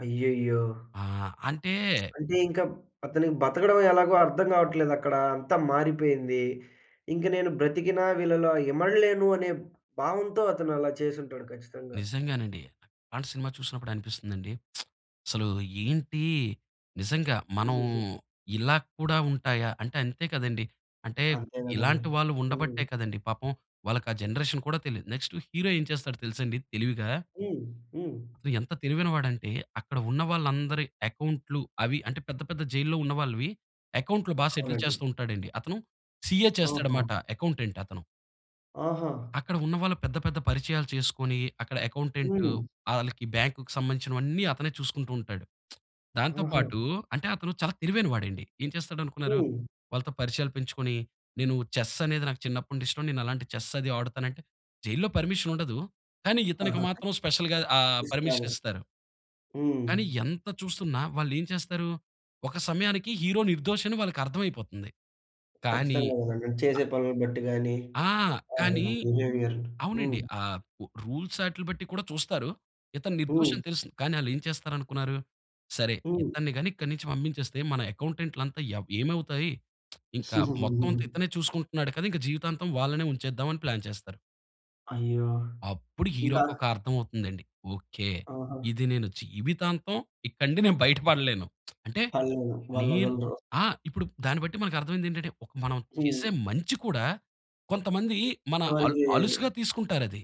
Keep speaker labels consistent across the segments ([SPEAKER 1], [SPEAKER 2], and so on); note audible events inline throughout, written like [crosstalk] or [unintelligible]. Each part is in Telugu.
[SPEAKER 1] అయ్యయ్యో!
[SPEAKER 2] ఆ! అంటే
[SPEAKER 1] [smacks lips] అంటే ఇంక మ్ అతనికి బతకడం ఎలాగో అర్థం గావట్లేదక్కడా. అంతా మారిపోయింది. ఇంక నేను బ్రతికిన వీళ్ళలో ఇమడలేను అనే భావంతో అతను అలా చేసుంటాడు. ఖచ్చితంగా.
[SPEAKER 2] నిజంగానండి. అలాంటి సినిమా చూసినప్పుడు అనిపిస్తుందండి. [smacks lips] అసలు ఏంటి నిజంగా మనం
[SPEAKER 1] హూహూహు.
[SPEAKER 2] ఇలా కూడా ఉంటాయా. అంటే అంతే కదండీ. అంటే
[SPEAKER 1] అంతే గదండీ.
[SPEAKER 2] ఇలాంటి వాళ్ళు ఉండబట్టే
[SPEAKER 1] హ్మ్.
[SPEAKER 2] కదండీ. పాపం వాళ్ళకా జనరేషన్ కూడా తెలీదు. నెక్స్టు హీరో ఏం చేస్తాడో తెలుసండి తెలివిగా...
[SPEAKER 1] హ్మ్. హ్మ్.
[SPEAKER 2] అతను ఎంత తెలివైనవాడంటే అక్కడ ఉన్న వాళ్ళందరి అకౌంట్లు అవి అంటే పెద్ద పెద్ద జైల్లో ఉన్న వాళ్ళవి అకౌంట్లు బా సెటిల్
[SPEAKER 1] అవునండి.
[SPEAKER 2] చేస్తూ ఉంటాడండి. అతను సీఏ చేస్తాడు మాట.
[SPEAKER 1] ఓహోహో!
[SPEAKER 2] అకౌంటెంట్ అతను.
[SPEAKER 1] ఆహా!
[SPEAKER 2] అక్కడ ఉన్న వాళ్ళు పెద్ద పెద్ద పరిచయాలు చేసుకొని అక్కడ అకౌంటెంటు
[SPEAKER 1] హ్మ్.
[SPEAKER 2] ఆళ్ళకి బ్యాంక్‌కు సంబంధించినవన్నీ అతనే చూసుకుంటూ ఉంటాడు. [smacks lips] దాంతో
[SPEAKER 1] ఆహా!
[SPEAKER 2] పాటు అంటే అతను చాలా తెలివైనవాడండి. ఏం చేస్తాడనుకున్నారు
[SPEAKER 1] హ్మ్.
[SPEAKER 2] వాళ్ళతో పరిచయాలు పెంచుకొని "నేను చెస్ అనేది నాకు చిన్నప్పుడు నుండి ఇష్టం. నేను అలాంటి చెస్ అది ఆడుతానంటే" జైలులో పర్మిషన్ ఉండదు. కానీ ఇతనికి
[SPEAKER 1] ఆహా!
[SPEAKER 2] మాత్రం స్పెషల్‌గా ఆహ్, పర్మిషన్
[SPEAKER 1] [unintelligible]
[SPEAKER 2] ఇస్తారు.
[SPEAKER 1] హ్మ్.
[SPEAKER 2] కానీ ఎంత చూస్తున్న వాళ్ళేం చేస్తారు. ఒక సమయానికి హీరో నిర్దోషని వాళ్ళకి అర్ధమైపోతుంది. కానీ
[SPEAKER 1] ఖచ్చితంగా గదండి. చేసే పనులను బట్టిగాని
[SPEAKER 2] ఆ! కానీ
[SPEAKER 1] అవును. బిహేవియరు. హ్మ్.
[SPEAKER 2] అవునండి. ఆహ్, రూల్స్ ఆటిల బట్టి కూడా చూస్తారు. ఇతను
[SPEAKER 1] హ్మ్.
[SPEAKER 2] నిర్దోషని తెలుసు. కానీ ఆళ్ళేం చేస్తారనుకున్నారు. "సరే
[SPEAKER 1] హ్మ్.
[SPEAKER 2] ఇతన్ని గాని ఇక్కడి నుంచి పంపించేస్తే మన అకౌంటెంట్లంత ఎవ్ ఏమవుతాయి. [smacks lips] ఇంకా మొత్తవంతా ఇతనే
[SPEAKER 1] [giggles]
[SPEAKER 2] చూసుకుంటున్నాడు కదా! ఇంకా జీవితాంతం వాళ్ళనే ఉంచేద్దాం" అని ప్లాన్ చేస్తారు.
[SPEAKER 1] అయ్యో!
[SPEAKER 2] అప్పుడు
[SPEAKER 1] ఇంకా
[SPEAKER 2] హీరోకొక అర్థమవుతుందండి. ఓకే.
[SPEAKER 1] ఆహా!
[SPEAKER 2] "ఇది నేను జీవితాంతం ఇక్కడ నుండి నేను బయటపడలేను." [smacks lips] అంటే
[SPEAKER 1] వాళ్ళూ
[SPEAKER 2] నేను
[SPEAKER 1] వాళ్ళొదలరు.
[SPEAKER 2] ఆ! ఇప్పుడు దాన్ని బట్టి మనకు అర్ధమైందేంటంటే, ఒక మనం చేసే
[SPEAKER 1] హ్మ్.
[SPEAKER 2] మంచి కూడా కొంతమంది మన అల్
[SPEAKER 1] చివరికీ
[SPEAKER 2] అలుసుగా తీసుకుంటారది.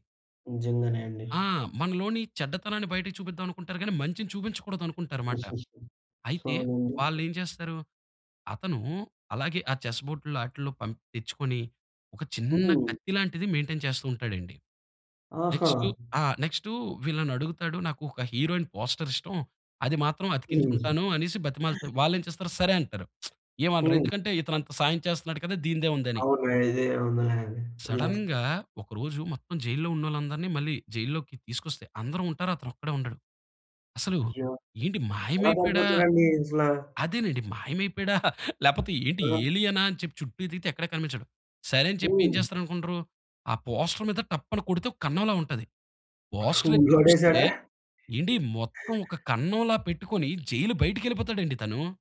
[SPEAKER 1] నిజంగానే అండి.
[SPEAKER 2] ఆ! మనలోని చెడ్డతనాన్ని బయటకు చూపిద్దామనుకుంటారు గానీ మంచిని చూపించకూడదనుకుంటారు మాట.
[SPEAKER 1] [chuckles]
[SPEAKER 2] అయితే
[SPEAKER 1] అవునండి.
[SPEAKER 2] వాళ్ళేం చేస్తారు. అతను అలాగే ఆ చెస్ బోర్టుల్లో ఆటిల్లో పంప్ తెచ్చుకొని ఒక చిన్న
[SPEAKER 1] హ్మ్.
[SPEAKER 2] కత్తిలాంటిది మెయి‌న్‌టైన్ చేస్తూ ఉంటాడండి.
[SPEAKER 1] ఆహా!
[SPEAKER 2] నెక్స్‌టు ఆ! నెక్స్‌టు వీళ్ళని అడుగుతాడు. నాకు ఒక హీరోయిన్ పోస్టర్ ఇష్టం అది మాత్రం అతికించుకుంటాను" అనేసి బతిమాలుతే, వాళ్ళేం చేస్తారు. సరే అంటారు. [smacks lips] ఏమనరు.
[SPEAKER 1] హ్మ్.
[SPEAKER 2] ఎందుకంటే ఇతను అంత సాయం చేస్తున్నాడు కదా! దీనిదేముందని.
[SPEAKER 1] అవును. ఇది ఏముందిలే అని, వదిలేస్తారు.
[SPEAKER 2] సడెన్‌గా ఒక రోజు మొత్తం జైలులో ఉన్నోళ్ళందరిని మళ్ళీ జైలులోకి తీసుకొస్తే అందరు ఉంటారు. అతనొక్కడే ఉండడు. అసలు
[SPEAKER 1] అయ్యో!
[SPEAKER 2] ఏంటి
[SPEAKER 1] ఎలా
[SPEAKER 2] మాయమైపోయాడా
[SPEAKER 1] పారిపోతాడండి అసలా?
[SPEAKER 2] అదేనండి. మాయమైపోయాడా [chuckles] లేకపోతే ఏంటి
[SPEAKER 1] ఆ!
[SPEAKER 2] ఏలియనా అని చెప్పి చుట్టూ ఎతికితే ఎక్కడ కనిపించడు. సరే అని చెప్పి ఏం
[SPEAKER 1] హ్మ్.
[SPEAKER 2] చేస్తారనుకుంటరు. ఆ పోస్టర్ మీద టప్ అని కొడితే ఒక కన్నంలా ఉంటాది. పోస్టర్ ఎత్తి చూస్తే
[SPEAKER 1] కూలగొట్టేసాడా?
[SPEAKER 2] ఏండి, మొత్తం ఒక కన్నంలా పెట్టుకొని జైలు బయటికెళ్ళిపోతాడండి తను.